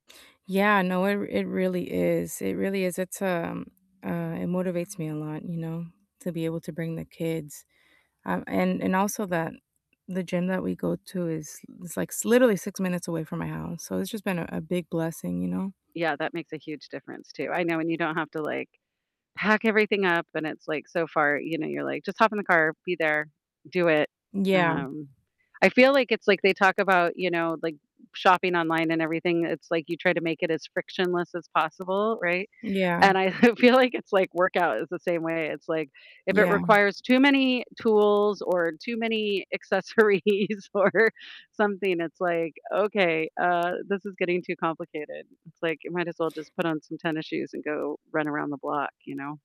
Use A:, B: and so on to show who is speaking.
A: Yeah, no, it r it really is, it really is. It's, um uh, it motivates me a lot, you know, to be able to bring the kids. Um, and and also, that the gym that we go to is is, like, sl literally 6 minutes away from my house, so it's just been a a big blessing, you know?
B: Yeah, that makes a huge difference, too. I know when you don't have to, like, pack, everything up, and it's, like, so far, you know, you're like, "Just hop in the car, be there, do it,"
A: Yeah.
B: um, I feel like it's like, they talk about, you know, like, shopping online and everything, it's, like, you try to make it as frictionless as possible, right?
A: Yeah.
B: And I I feel like, it's, like workout is the same way, it's, like if it
A: Yeah.
B: requires too many tools, or too many accessories or something, it's like, "Okay, uh, this is getting too complicated." It's like, you might as well just put on some tennis shoes and go run around the block, you know?